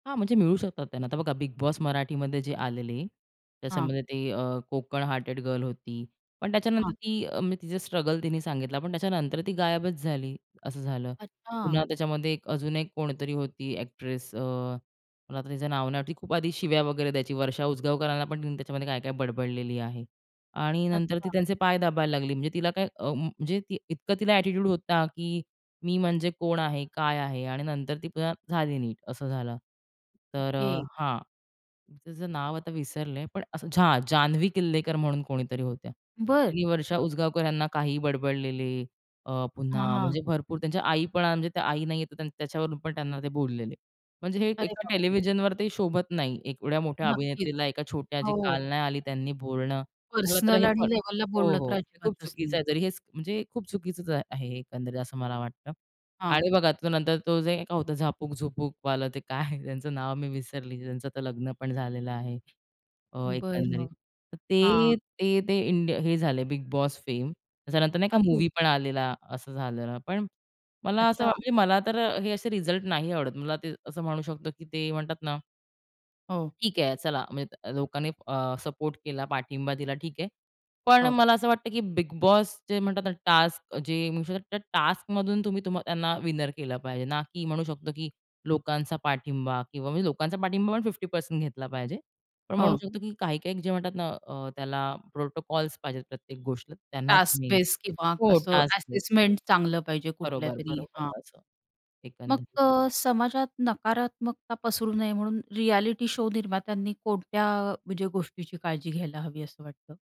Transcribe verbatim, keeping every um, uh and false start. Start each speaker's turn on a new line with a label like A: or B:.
A: हां. म्हणजे, मिळू शकतात त्यांना. आता बघा, बिग बॉस मराठीमध्ये जे आलेली,
B: हां.
A: त्याच्यामध्ये ते अ, कोकण हार्टेड गर्ल होती, पण त्याच्यानंतर
B: हां.
A: ती, अ म्हणजे तिचा स्ट्रगल तिने सांगितला. पण त्याच्यानंतर ती गायबच झाली, असं झालं.
B: अच्छा!
A: पुन्हा त्याच्यामध्ये एक अजून एक कोणीतरी होती एक्ट्रेस, अ, पण आता तिचं नाव न, ती खूप आधी शिव्या वगैरे द्यायची, वर्षा उजगावकरांना पण तिने त्याच्यामध्ये काय काय बडबडलेली आहे आणि नंतर ती
B: अच्छा.
A: त्यांचे पाय दाबायला लागली. म्हणजे तिला काय, अ, म्हणजे ती इतकं तिला एटिट्यूड होता की मी म्हणजे कोण आहे? काय आहे? आणि नंतर ती पुन्हा झाली नीट, असं झालं. तर अ,
B: ओके.
A: हां. त्याचं नाव आता विसरले, पण, हां! जान्हवी किल्लेकर म्हणून कोणीतरी होत्या.
B: बरं!
A: ती वर्षा उजगावकर यांना काही बडबडलेली, अ,
B: हां,
A: पुन्हा
B: हां.
A: म्हणजे भरपूर त्यांच्या आई पण, म्हणजे आई नाहीये त्याच्यावरून पण त्यांना ते बोललेले. म्हणजे हे
B: अरे
A: एका
B: बाप रे!
A: टेलिव्हिजनवर ते शोभत नाही, एवढ्या मोठ्या
B: नक्कीच.
A: अभिनेत्रीला एका छोट्या जे
B: हो.
A: काल नाही आली त्यांनी बोलणं. मला तर
B: पर्सनल
A: हे प
B: आणि लेव्हलला
A: हो,
B: बोललं तर
A: हो. खूप
B: अजिबातच
A: चुकीचं
B: नाही.
A: आहे तरी हेच म्हणजे खूप चुकीचचं आहे एकंदरीत असं मला वाटतं
B: हां.
A: आणि बघा तो नंतर तो जे काय होतं झापक, झुपक वालं, ते काय त्यांचं नाव मी विसरली. त्यांचं तर लग्न पण झालेलं आहे. अ, एकंदरीत.
B: बरं.
A: तर ते,
B: हां.
A: ते इंडिया हे झाले बिग बॉस फेम, त्याच्यानंतर नाही का
B: अरे!
A: मूव्ही पण आलेला, असं झालेलं, पण मला असं,
B: अच्छा.
A: म्हणजे मला तर हे असे रिझल्ट नाही आवडत. मला ते असं म्हणू शकतो की ते म्हणतात ना
B: हो.
A: ...ठीक आहे. चला, म्हणजे लोकांनी अ, सपोर्ट केला, पाठिंबा दिला, ठीक आहे. पण
B: हो.
A: मला असं वाटतं की बिग बॉस जे म्हणतात ना, टास्क जे, तर टास्क मधून तुम्ही त्यांना विनर केलं पाहिजे ना, की म्हणू शकतो की लोकांचा पाठिंबा, किंवा म्हणजे लोकांचा पाठिंबा पण फिफ्टी पर्सेंट घेतला पाहिजे. पण म्हणू
B: हो.
A: शकतो की काही-काही जे म्हणतात ना अ, त्याला प्रोटोकॉल्स पाहिजेत प्रत्येक गोष्ट, त्यांना
B: टास्क
A: तुम्ही,
B: बेस, किंवा
A: हो.
B: असं,
A: टास्क बेस.
B: असेसमेंट चांगलं पाहिजे
A: बरोबर,
B: कुठल्यातरी.
A: बरोबर.
B: हां.
A: असं
B: मग
A: एकंदरीत.
B: अ, समाजात नकारात्मकता पसरू नये म्हणून रियलिटी शो निर्मात्यांनी कोणत्या, म्हणजे गोष्टीची काळजी घ्यायला हवी असं वाटतं?